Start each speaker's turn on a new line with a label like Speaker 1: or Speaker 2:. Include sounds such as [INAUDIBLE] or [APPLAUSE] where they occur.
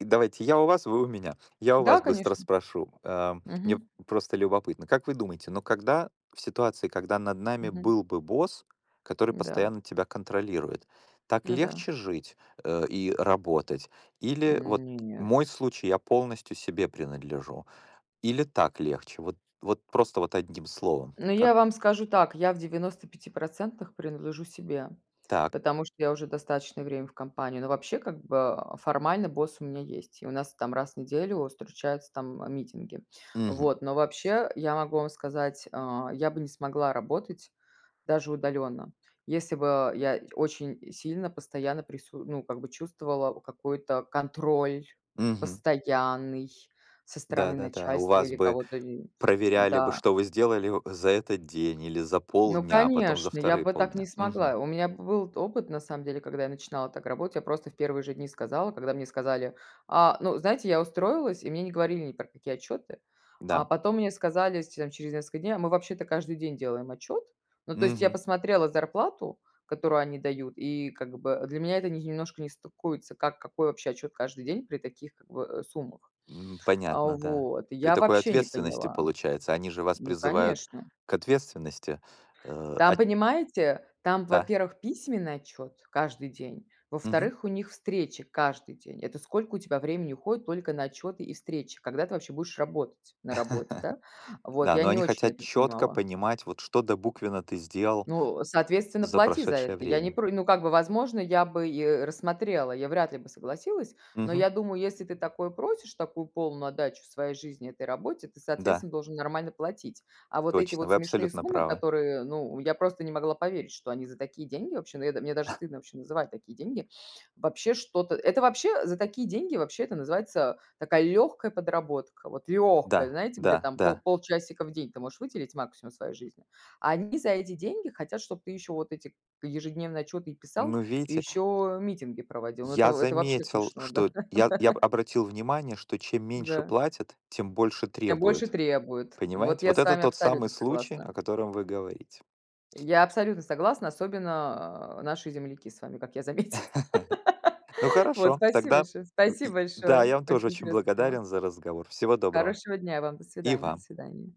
Speaker 1: Давайте я у вас, вы у меня. Я у
Speaker 2: Да,
Speaker 1: вас быстро
Speaker 2: конечно.
Speaker 1: спрошу. Э, мне
Speaker 2: Мгм.
Speaker 1: просто любопытно. Как вы думаете, но когда в ситуации, когда над нами
Speaker 2: Мгм.
Speaker 1: был бы босс, который
Speaker 2: Да.
Speaker 1: постоянно тебя контролирует, так
Speaker 2: Ну да.
Speaker 1: легче жить, э, и работать? Или вот
Speaker 2: Нет.
Speaker 1: мой случай, я полностью себе принадлежу. Или так легче? Вот, вот просто вот 1 словом.
Speaker 2: Ну,
Speaker 1: Как?
Speaker 2: я вам скажу так, я в 95 % принадлежу себе,
Speaker 1: Так.
Speaker 2: потому что я уже достаточное время в компании. Но вообще, как бы, а, формально босс у меня есть, и у нас, там, раз в неделю встречаются, там, митинги.
Speaker 1: Мгм.
Speaker 2: Вот, но вообще, я могу вам сказать, а, я бы не смогла работать, даже удаленно, если бы, а, я очень сильно постоянно прису ну, как бы чувствовала какой-то контроль
Speaker 1: Мгм.
Speaker 2: постоянный со стороны
Speaker 1: Да-да-да. У
Speaker 2: начальства
Speaker 1: вас
Speaker 2: или
Speaker 1: бы
Speaker 2: кого-то и
Speaker 1: проверяли бы,
Speaker 2: Да.
Speaker 1: что вы сделали о за этот день или за
Speaker 2: Ну,
Speaker 1: полдня, а потом за
Speaker 2: конечно, я
Speaker 1: 2
Speaker 2: бы так не
Speaker 1: полдня, мгм.
Speaker 2: смогла. У меня б был т опыт, на самом деле, когда я начинала так работать, я просто в 1 же дни сказала, когда мне сказали А, ну, знаете, я устроилась, и мне не говорили ни про какие отчеты. А
Speaker 1: Да.
Speaker 2: потом мне сказали, с т там через несколько дней: "А мы вообще-то каждый день делаем отчет". Ну, то есть я
Speaker 1: Мгм.
Speaker 2: посмотрела зарплату, которую они дают, и как бы, для меня это немножко не стыкуется, как какой вообще отчет каждый день при таких, как бы, э, суммах.
Speaker 1: Ну,
Speaker 2: А,
Speaker 1: понятно, да.
Speaker 2: вот.
Speaker 1: При
Speaker 2: Я
Speaker 1: такой
Speaker 2: вообще не
Speaker 1: ответственности,
Speaker 2: поняла.
Speaker 1: получается. Они же вас
Speaker 2: Ну,
Speaker 1: призывают
Speaker 2: конечно.
Speaker 1: к ответственности, э,
Speaker 2: Там,
Speaker 1: ат
Speaker 2: понимаете, там,
Speaker 1: Да.
Speaker 2: во-первых, письменный отчет каждый день,
Speaker 1: Мгм.
Speaker 2: во-вторых, у них встреча каждый день. Это сколько у тебя времени уходит только на отчёты и встречи? Когда ты вообще будешь работать на работе, да?
Speaker 1: [LAUGHS]
Speaker 2: Вот,
Speaker 1: Да,
Speaker 2: я
Speaker 1: но
Speaker 2: не
Speaker 1: они
Speaker 2: очень
Speaker 1: хотят
Speaker 2: это
Speaker 1: чётко
Speaker 2: понимала.
Speaker 1: понимать, вот, что добуквенно ты сделал
Speaker 2: Ну, соответственно,
Speaker 1: за
Speaker 2: плати за
Speaker 1: прошедшее
Speaker 2: это. Я не
Speaker 1: время.
Speaker 2: про ну, как бы, возможно, я бы и рассмотрела, я вряд ли бы согласилась, но
Speaker 1: Мгм.
Speaker 2: я думаю, если ты такое просишь, такую полную отдачу своей жизни этой работе, ты,
Speaker 1: Да.
Speaker 2: соответственно, должен нормально платить. А вот эти
Speaker 1: Точно.
Speaker 2: вот
Speaker 1: Вы
Speaker 2: смешные
Speaker 1: абсолютно
Speaker 2: суммы,
Speaker 1: правы.
Speaker 2: которые ну, я просто не могла поверить, что они за такие деньги вообще, но я да мне даже
Speaker 1: [CHUCKLES]
Speaker 2: стыдно вообще называть такие деньги. Вообще что-то это вообще за такие деньги, вообще это называется такая легкая подработка. Вот легкая,
Speaker 1: Да,
Speaker 2: знаете, где
Speaker 1: да,
Speaker 2: там пол
Speaker 1: да.
Speaker 2: полчасика в день ты можешь выделить максимум своей жизни. А они за эти деньги хотят, чтоб ты еще вот эти к ежедневные отчеты и писал,
Speaker 1: Ну,
Speaker 2: и
Speaker 1: видите?
Speaker 2: ещё митинги проводил. Ну, это
Speaker 1: Я
Speaker 2: это вообще
Speaker 1: заметил,
Speaker 2: смешно, да.
Speaker 1: что я я
Speaker 2: [CHUCKLES]
Speaker 1: обратил внимание, что чем меньше
Speaker 2: Да.
Speaker 1: платят, тем больше
Speaker 2: Тем больше
Speaker 1: требуют.
Speaker 2: требует. Вот
Speaker 1: Понимаете?
Speaker 2: я
Speaker 1: Вот
Speaker 2: с
Speaker 1: это
Speaker 2: вами
Speaker 1: тот самый
Speaker 2: абсолютно
Speaker 1: случай, о
Speaker 2: согласна.
Speaker 1: котором вы говорите.
Speaker 2: Я абсолютно согласна, особенно, э, наши земляки с вами, как я заметила. [LAUGHS]
Speaker 1: [LAUGHS] Ну,
Speaker 2: Вот,
Speaker 1: хорошо,
Speaker 2: спасибо
Speaker 1: тогда
Speaker 2: большое спасибо
Speaker 1: и Да,
Speaker 2: большое.
Speaker 1: я вам тоже
Speaker 2: Очень
Speaker 1: очень
Speaker 2: интересная тема.
Speaker 1: благодарен за разговор. Всего доброго.
Speaker 2: Хорошего дня вам. До
Speaker 1: И
Speaker 2: свидания, до
Speaker 1: вам.
Speaker 2: свидания.